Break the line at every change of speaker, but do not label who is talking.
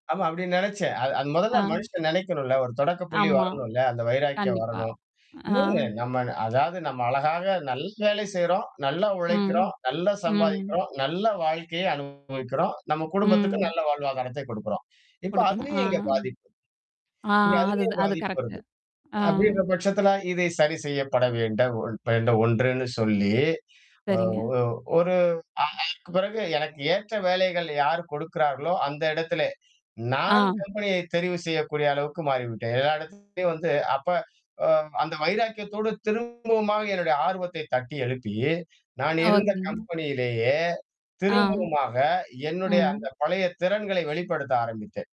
ஆமா, அப்படின்னு நினைச்சேன். அது அத முதல்ல
ஆ.
மனசுல நினைக்கணும் இல்ல. ஒரு தொடக்கப்புள்ளி
ஆமா.
வரணும் இல்ல. அந்த வைராக்கியம்
கண்டிப்பா.
வரணும்.
ஆ.
இன்னொன்னு, நம்ம ன் அதாவது, நம்ம அழகாக நல்ல வேலை செய்றோம். நல்லா
ம்.
உழைக்கிறோம். நல்லா
ம்.
சம்பாதிக்கிறோம். நல்ல வாழ்க்கையை அனுபவிக்கிறோம். நம்ம குடும்பத்துக்கும்
ம்.
நல்ல வாழ்வாதாரத்தை கொடுக்கிறோம். இப்ப
கொடுக்கணும். அ.
அதுலயும் இங்க பாதிப்பு.
ஆ.
இங்க
அதுத
அதுலயும்
அது
பாதிப்பு
கரெக்ட்.
வருது.
ஆ.
அப்படீன்ற பட்சத்துல இதை சரி செய்யப்பட வேண்ட ஒன் வேண்டு ஒண்றுன்னு சொல்லி, ஒ ஒ
சரிங்க.
ஒரு ஆ அதற்கு பிறகு, எனக்கு ஏற்ற வேலைகள் யார் கொடுக்கிறார்களோ அந்த இடத்திலே, நான்
ஆ.
கம்பெனியை தெரிவு செய்யக்கூடிய அளவுக்கு மாறிவிட்டேன். எல்லா இடத்துலயும் வந்து அப்ப உம் அந்த வைராக்கியத்தோடு திரும்பவுமாக என்னுடைய ஆர்வத்தைத் தட்டி எழுப்பி, நான்
ஆ,
இருந்த
ஓகேங்க.
கம்பெனியிலேயே
ஆ.
திரும்பவுமாக என்னுடைய
ம்.
அந்தப் பழைய திறன்களை வெளிப்படுத்த ஆரம்பித்தேன்.